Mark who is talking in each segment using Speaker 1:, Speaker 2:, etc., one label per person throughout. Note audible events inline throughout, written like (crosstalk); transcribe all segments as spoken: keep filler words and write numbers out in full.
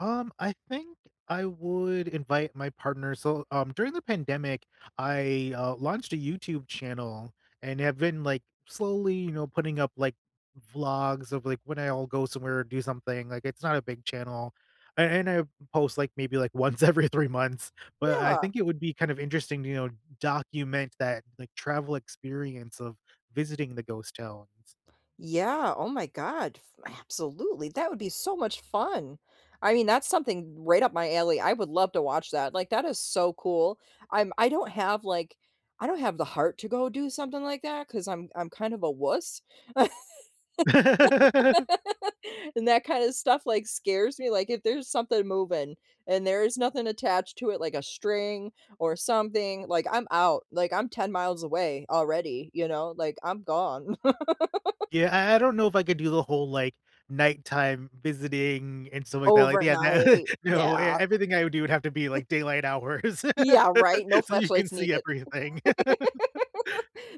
Speaker 1: Um, I think I would invite my partner. So, um, during the pandemic, I, uh, launched a YouTube channel and have been, like, slowly, you know, putting up, like, vlogs of, like, when I'll go somewhere or do something, like, it's not a big channel, and and I post, like, maybe like once every three months, but I
Speaker 2: Yeah.
Speaker 1: think it would be kind of interesting, you know, document that, like, travel experience of visiting the ghost towns.
Speaker 2: Yeah, oh my god, f absolutely. That would be so much fun. I mean, that's something right up my alley. I would love to watch that. Like, that is so cool. I'm I don't have, like I don't have the heart to go do something like that ‘cause I'm I'm kind of a wuss. (laughs)
Speaker 1: (laughs)
Speaker 2: And that kind of stuff, like, scares me. Like, if there's something moving and there is nothing attached to it like a string or something, like, I'm out, like, I'm ten miles away already, you know, like, I'm gone. (laughs)
Speaker 1: Yeah, I I don't know if I could do the whole, like, nighttime visiting and stuff like that, like, yeah,
Speaker 2: Overnight,
Speaker 1: (chuckles) no, and
Speaker 2: yeah.
Speaker 1: everything I would do would have to be
Speaker 2: (chuckles)
Speaker 1: like daylight hours,
Speaker 2: Yeah, right. No
Speaker 1: (laughs) so you can
Speaker 2: flashlights
Speaker 1: see
Speaker 2: needed.
Speaker 1: everything.
Speaker 2: (laughs)
Speaker 1: (laughs)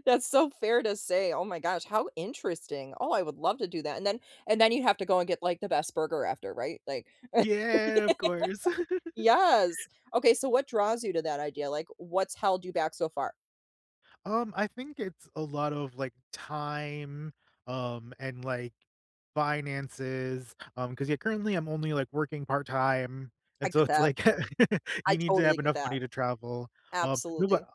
Speaker 2: That's so fair to say, oh my gosh, how interesting. Oh, I would love to do that. And then and then you have to go and get, like, the best burger after, right? Like
Speaker 1: Yeah, of course.
Speaker 2: (laughs)
Speaker 1: (giggles)
Speaker 2: Yes, okay, so what draws you to that idea? Like, what's held you back so far?
Speaker 1: Um, I think it's a lot of, like, time, um, and, like, finances, um, 'cause yeah, currently I'm only, like, working part time,
Speaker 2: I
Speaker 1: and so
Speaker 2: get
Speaker 1: it's
Speaker 2: that.
Speaker 1: like, (laughs)
Speaker 2: I
Speaker 1: you need to
Speaker 2: totally
Speaker 1: have
Speaker 2: get
Speaker 1: enough
Speaker 2: that.
Speaker 1: money to travel. Um, no,
Speaker 2: Absolutely.
Speaker 1: but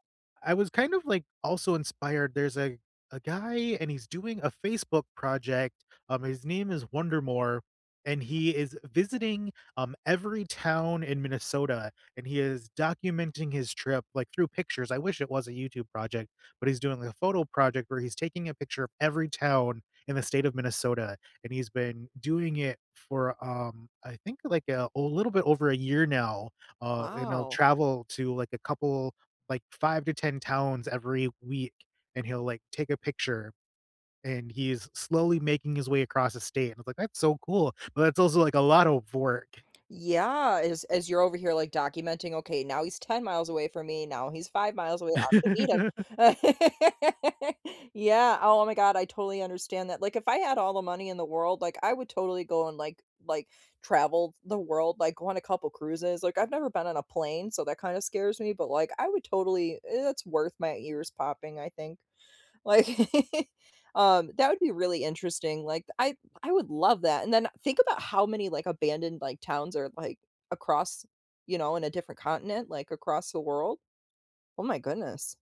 Speaker 1: I was kind of, like, also inspired there's a a guy and he's doing a Facebook project, um, his name is Wonder More, and he is visiting, um, every town in Minnesota, and he is documenting his trip, like, through pictures. I wish it was a YouTube project, but he's doing like a photo project where he's taking a picture of every town in the state of Minnesota, and he's been doing it for, um, I think like, uh, a little bit over a year now, uh, and he'll
Speaker 2: Wow.
Speaker 1: travel to like a couple, like five to ten towns every week, and he'll, like, take a picture, and he's slowly making his way across the state, and it's like, "That's so cool," but it's also, like, a lot of work.
Speaker 2: Yeah, as as you're over here like documenting, "Okay, now he's ten miles away from me, now he's five miles away, I'm gonna meet him."
Speaker 1: (laughs)
Speaker 2: (laughs) Yeah, oh my god, I totally understand that. Like, if I had all the money in the world, like, I would totally go and, like like, travel the world. Like, go on a couple cruises. Like, I've never been on a plane, so that kind of scares me, but like, I would totally it's worth my ears popping, I think. Like, (chuckles) um, that would be really interesting, like, I I would love that. And then think about how many, like, abandoned, like, towns are, like, across you know, in a different continent, like, across the world. Oh, my goodness.